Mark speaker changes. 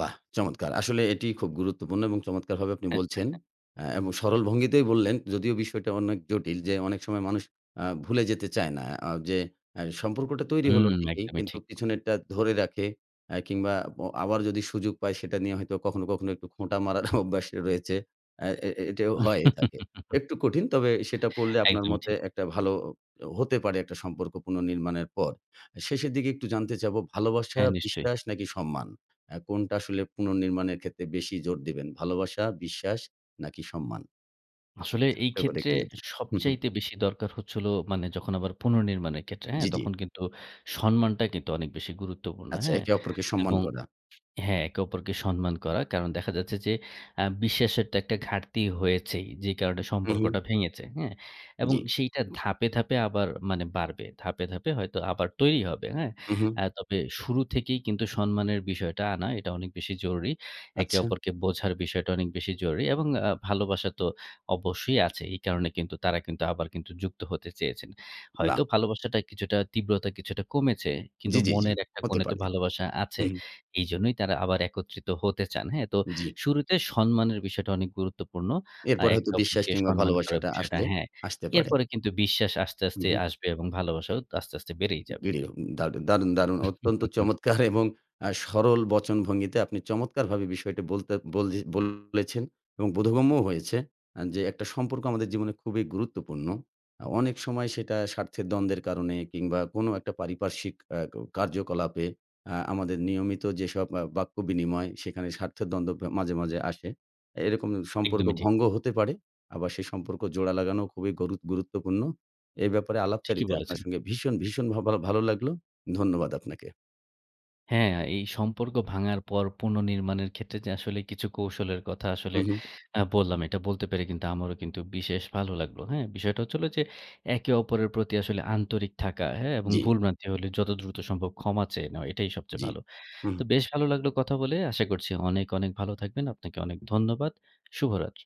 Speaker 1: বাহ! চমৎকার। আসলে এটিই খুব গুরুত্বপূর্ণ এবং চমৎকারভাবে আপনি
Speaker 2: হ্যাঁ, হ্যাঁ,
Speaker 1: বলছেন।
Speaker 2: হ্যাঁ।
Speaker 1: অ্যা এবং সরল ভঙ্গিতেই বললেন, যদিও বিষয়টা অনেক জটিল যে, অনেক সময় মানুষ অ্যা ভুলে যেতে চায় না, অ্যা যে এহ সম্পর্কটা তৈরি হলো
Speaker 2: হুম,
Speaker 1: ঠিকই
Speaker 2: একদমই
Speaker 1: কিন্তু
Speaker 2: ঠিক।
Speaker 1: পিছনেরটা ধরে রাখে এ কিংবা ব আবার যদি সুযোগ পায়, সেটা নিয়ে হয়তো কখনো, কখনো একটু খোঁটা মারার অভ্যাস রয়েছে। এ এ এটাও হয়ে থাকে। একটু কঠিন তবে সেটা পড়লে আপনার
Speaker 2: একদমই
Speaker 1: মতে
Speaker 2: ঠিক।
Speaker 1: একটা ভালো হতে পারে, একটা সম্পর্ক পুনর্নির্মাণের পর। শেষের দিকে একটু জানতে চাবো ভালোবাসা,
Speaker 2: হ্যাঁ নিশ্চয়ই।
Speaker 1: বিশ্বাস নাকি সম্মান? এ কোনটা আসলে পুনর্নির্মাণের ক্ষেত্রে বেশি জোর দিবেন? ভালোবাসা, বিশ্বাস নাকি সম্মান?
Speaker 2: আসলে এই
Speaker 1: ছোট্ট করে
Speaker 2: ক্ষেত্রে
Speaker 1: একটু যদি হুম, হুম।
Speaker 2: সবচাইতে বেশি দরকার হচ্ছে হলো মানে যখন আবার পুনর্নির্মাণের ক্ষেত্রে, হ্যাঁ?
Speaker 1: জ্বি, জ্বি।
Speaker 2: তখন কিন্তু সম্মানটা কিন্তু অনেক বেশি গুরুত্বপূর্ণ,
Speaker 1: আচ্ছা,
Speaker 2: হ্যাঁ?
Speaker 1: একে অপরকে সম্মান
Speaker 2: এবং
Speaker 1: করা।
Speaker 2: হ্যাঁ, একে অপরকে সম্মান করা। কারণ দেখা যাচ্ছে যে, অ্যা বিশ্বাসের তো একটা ঘাটতি হয়েছেই। যে কারণে
Speaker 1: হু, হু।
Speaker 2: সম্পর্কটা ভেঙেছে। হ্যাঁ? এবং
Speaker 1: জ্বি।
Speaker 2: সেইটা ধাপে, ধাপে আবার মানে বাড়বে। ধাপে, ধাপে হয়তো আবার তৈরি হবে। হ্যাঁ?
Speaker 1: হু, হু।
Speaker 2: অ্যা তবে শুরু থেকেই কিন্তু সম্মানের বিষয়টা আনা এটা অনেক বেশি জরুরি। একে
Speaker 1: আচ্ছা।
Speaker 2: অপরকে বোঝার বিষয়টা অনেক বেশি জরুরি এবং অ্যা ভালোবাসা তো অবশ্যই আছে। এই কারণে কিন্তু তারা কিন্তু আবার যুক্ত হতে চেয়েছেন।
Speaker 1: বাহ!
Speaker 2: হয়তো ভালোবাসাটা কিছুটা তীব্রতা কিছুটা কমেছে। কিন্তু
Speaker 1: জ্বি, জ্বি, জ্বি।
Speaker 2: মনের একটা
Speaker 1: হতে
Speaker 2: কোণে তো
Speaker 1: পারে।
Speaker 2: ভালোবাসা আছে।
Speaker 1: হু, হু।
Speaker 2: এইজন্যই তারা আবার একত্রিত হতে চান। হ্যাঁ? তো
Speaker 1: জ্বি।
Speaker 2: শুরুতে সম্মানের বিষয়টা অনেক গুরুত্বপূর্ণ। অ্যা
Speaker 1: এরপরে হয়তো
Speaker 2: একটা
Speaker 1: বিশ্বাস
Speaker 2: অপরকে
Speaker 1: কিংবা
Speaker 2: সম্মান করার
Speaker 1: ভালোবাসাটা
Speaker 2: বিষয়টা,
Speaker 1: আসলে
Speaker 2: হ্যাঁ।
Speaker 1: আসতে পারে।
Speaker 2: এরপরে কিন্তু বিশ্বাস আস্তে,
Speaker 1: হুম,
Speaker 2: আস্তে
Speaker 1: হুম।
Speaker 2: আসবে এবং ভালোবাসাও আস্তে, আস্তে বেড়েই যাবে।
Speaker 1: দেরিও দারু দারুণ, দারুণ অত্যন্ত চমৎকার এবং অ্যা সরল বচন ভঙ্গিতে আপনি চমৎকারভাবে বিষয়টি বলতে বলজ বলেছেন এবং বোধগম্যও হয়েছে যে, আ একটা সম্পর্ক আমাদের জীবনে খুবই গুরুত্বপূর্ণ। আ অনেক সময় সেটা স্বার্থের দ্বন্দ্বের কারণে কিংবা কোন একটা পারিপার্শ্বিক এহ ক কার্যকলাপে অ্যা আমাদের নিয়মিত যেসব অ্যা বাক্য বিনিময় সেখানে স্বার্থের দ্বন্দ্ব প মাঝে, মাঝে আসে। এরকম সম্পর্ক
Speaker 2: একদমই ঠিক।
Speaker 1: ভঙ্গ হতে পারে। আবার সে সম্পর্ক জোড়া লাগানো খুবই গরুত গুরুত্বপূর্ণ। এ ব্যাপারে
Speaker 2: ঠিকই
Speaker 1: আলাপচারিতা আপনার
Speaker 2: বলেছেন।
Speaker 1: সঙ্গে ভীষণ, ভীষণ [unintelligible] ভালো লাগলো। ধন্যবাদ আপনাকে।
Speaker 2: হ্যাঁ, আ এই সম্পর্ক ভাঙার পর পুনঃনির্মাণের ক্ষেত্রে যে আসলে কিছু কৌশলের কথা আসলে
Speaker 1: হু, হু।
Speaker 2: অ্যা বললাম। এটা বলতে পেরে কিন্তু আমারও কিন্তু বিশেষ ভালো লাগলো। হ্যাঁ? বিষয়টা হচ্ছে হল যে, একে অপরের প্রতি আসলে আন্তরিক থাকা, হ্যাঁ? এবং
Speaker 1: জ্বি।
Speaker 2: ভুল ভ্রান্তি হলে যত দ্রুত সম্ভব ক্ষমা চেয়ে নেওয়া, এটাই সবচেয়ে
Speaker 1: জ্বি,
Speaker 2: ভালো।
Speaker 1: হুঁ,
Speaker 2: তো
Speaker 1: হুঁ।
Speaker 2: বেশ ভালো লাগলো কথা বলে। আশা করছি অনেক, অনেক ভালো থাকবেন। আপনাকে অনেক ধন্যবাদ। শুভরাত্রি।